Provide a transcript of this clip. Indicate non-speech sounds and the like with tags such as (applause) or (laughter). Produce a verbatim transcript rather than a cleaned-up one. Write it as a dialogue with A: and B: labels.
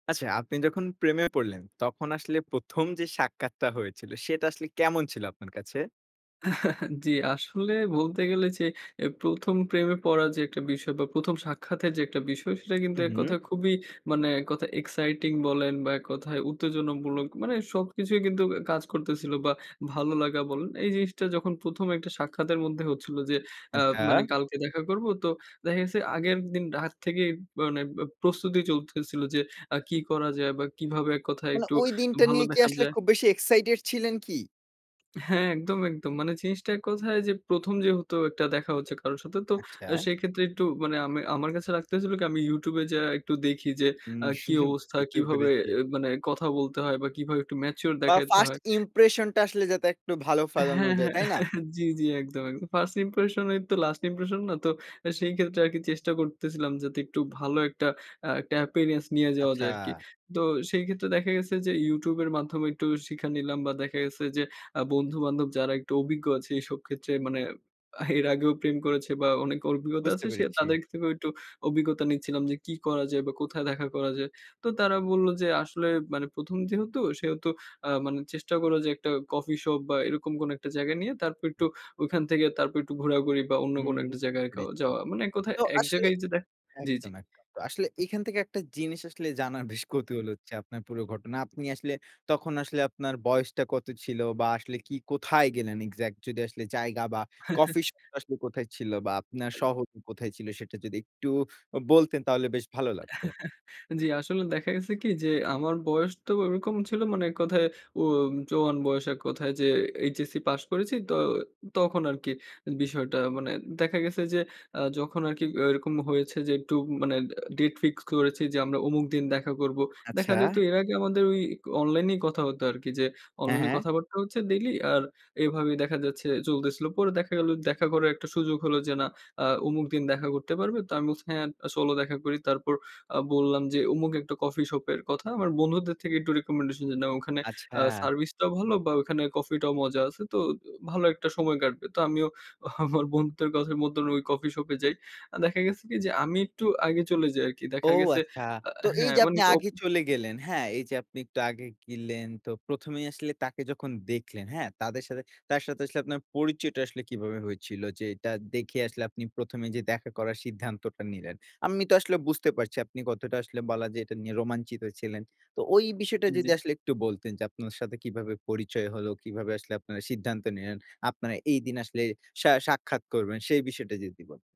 A: আচ্ছা আপনি যখন প্রেমে পড়লেন, তখন আসলে প্রথম যে সাক্ষাৎটা হয়েছিল সেটা আসলে কেমন ছিল আপনার কাছে?
B: (chuckles) জি আসলে বলতে গেলে যে অ্যা প্রথম প্রেমে পড়ার যে একটা বিষয় বা প্রথম সাক্ষাতের যে একটা বিষয় সেটা কিন্তু
A: হুম,
B: এক
A: হুম।
B: কথা খুবই মানে এক কথায় এক্সাইটিং বলেন বা এক কথায় উত্তেজনামূলক মানে সবকিছুই কিন্তু অ্যা কাজ করতেছিল বা ভালো লাগা বলেন এই জিনিসটা যখন প্রথম একটা সাক্ষাতের মধ্যে হচ্ছিলো। যে আ
A: আচ্ছা।
B: মানে কালকে দেখা করবো তো দেখা গেছে আগের দিন রাত থেকেই মানে ব্য প্রস্তুতি চলতেছিল যে আ কি করা যায় বা কীভাবে এক কথায়
A: মানে
B: একটু
A: ওই দিনটা
B: ভালো
A: নিয়ে কি
B: দেখা
A: আসলে
B: যায়।
A: খুব বেশি এক্সাইটেড ছিলেন কি?
B: হ্যাঁ, একদম, একদম। মানে জিনিসটা এক কথায় যে প্রথম যেহেতু একটা দেখা হচ্ছে কারো সাথে। তো অ্যা
A: আচ্ছা।
B: সেক্ষেত্রে একটু মানে আমি আমার কাছে লাগতেসিল কি, আমি YouTube এ যায়া একটু দেখি যে আ কি
A: (chuckles)
B: অবস্থা,
A: বুঝতে
B: কিভাবে
A: পেরেছি।
B: অ্যা মানে কথা বলতে হয় বা কীভাবে একটু ম্যাচিউর
A: বা
B: দেখাইতে
A: ফার্স্ট
B: হয়।
A: ইম্প্রেশনটা আসলে যাতে একটু ভালো ফেলানো
B: হ্যাঁ,
A: যায়,
B: হ্যাঁ,
A: তাই না?
B: (chuckles) জি, জি একদম, একদম। "ফার্স্ট ইম্প্রেশনই তো লাস্ট ইম্প্রেশন না?" তো আ সেই ক্ষেত্রে আর কি চেষ্টা করতেছিলাম যাতে একটু ভালো একটা আ একটা appearance নিয়ে যাওয়া যায় আরকি।
A: আচ্ছা।
B: তো সেই ক্ষেত্রে দেখা গেছে যে YouTube এর মাধ্যমে একটু শিখা নিলাম বা দেখা গেছে যে আ বন্ধু-বান্ধব যারা একটু অভিজ্ঞ আছে এইসব ক্ষেত্রে মানে আ এর আগেও প্রেম করেছে বা অনেক অরভিজ্ঞতা
A: বুঝতে
B: আছে, সে
A: পেরেছি।
B: তাদের থেকেও একটু অভিজ্ঞতা নিচ্ছিলাম যে, কি করা যায়? বা কোথায় দেখা করা যায়? তো তারা বলল, যে আসলে মানে "প্রথম যেহেতু, সেহেতু আ মানে চেষ্টা কর, যে একটা কফি শপ বা এরকম কোন একটা জায়গা নিয়ে তারপর একটু ওইখান থেকে তারপর একটু ঘোরাঘুরি বা অন্য কোন
A: হুম,
B: একটা
A: বুঝতে
B: জায়গায় কাউ
A: পেরেছি।
B: যাওয়া।" মানে এক কথায়
A: তো
B: এক
A: আসলে
B: জায়গায় যে দেখা জি, জি।
A: একদম, একদম। তো আসলে এইখান থেকে একটা জিনিস আসলে জানার (scoffs) বেশ কৌতূহল হচ্ছে আপনার পুরো ঘটনা। আপনি আসলে তখন আসলে আপনার বয়সটা কত ছিল? বা আসলে কি কোথায় গেলেন এক্সাক্ট যদি আসলে জায়গা বা
B: (chuckles)
A: কফি শপ টা আসলে কোথায় ছিল? বা আপনার শহর টা কোথায় ছিল? সেটা যদি একটু আ বলতেন তাহলে বেশ ভালো লাগতো।
B: (chuckles) জি, আসলে দেখা গেছে কি যে আমার বয়স তো ওরকম ছিল মানে এক কথায় উম জোয়ান বয়স এক কথায় যে এইচএসসি পাস করেছি। তো তখন আরকি বিষয়টা মানে দেখা গেছে যে আ যখন আরকি এরকম হয়েছে যে একটু মানে আ ডেট ফিক্সড করেছি যে আমরা অমুক দিন দেখা করবো। দেখা
A: আচ্ছা।
B: যেত এর আগে আমাদের ওই অনলাইনেই কথা হত আরকি যে
A: হ্যাঁ,
B: অনলাইনে
A: হ্যাঁ।
B: কথাবার্তা হচ্ছে ডেইলি আর এভাবেই দেখা যাচ্ছে চলতেছিল। পরে দেখা গেল দেখা করার একটা সুযোগ হলো যে না আ অমুক দিন দেখা করতে পারবে। তো আমি বলছি হ্যাঁ, আ চলো দেখা করি। তারপর আ বললাম যে অমুক একটা কফি শপ এর কথা। আমার বন্ধুদের থেকে একটু রিকমেন্ডেশন যে নেয়া ওখানে আ
A: আচ্ছা।
B: সার্ভিস টাও ভালো বা ওখানে কফিটাও মজা আছে। তো অ ভালো একটা সময় কাটবে। তো আমিও আমার বন্ধুদের কথা মতন ঐ কফি শপ এ যাই। আ দেখা গেছে কি যে আমি একটু আগে চলে যাই আরকি। দেখা
A: ও
B: গেছে
A: আচ্ছা।
B: আ
A: তো এই
B: হ্যাঁ,
A: যে
B: মানে
A: আপনি
B: একটু অপ
A: আগে চলে গেলেন, হ্যাঁ? এই যে আপনি একটু আগে গিলেন তো প্রথম এই আসলে তাকে যখন দেখলেন, হ্যাঁ? তাদের সাথে, তার সাথে আসলে আপনার পরিচয়টা আসলে কিভাবে হয়েছিল? যে এটা দেখে আসলে আপনি প্রথম এ যে দেখা করার সিদ্ধান্তটা নিলেন। আমি তো আসলে বুঝতে পারছি আপনি কতটা আসলে বলা যায় এটা নিয়ে রোমাঞ্চিত ছিলেন। তো ঐ বিষয়টা
B: জি,
A: যদি
B: জি।
A: আসলে একটু বলতেন যে আপনার সাথে কিভাবে পরিচয় হলো? কিভাবে আসলে আপনারা সিদ্ধান্ত নিলেন, আপনারা এইদিন আসলে সা সাক্ষাৎ করবেন সেই বিষয়টা যদি বলতেন।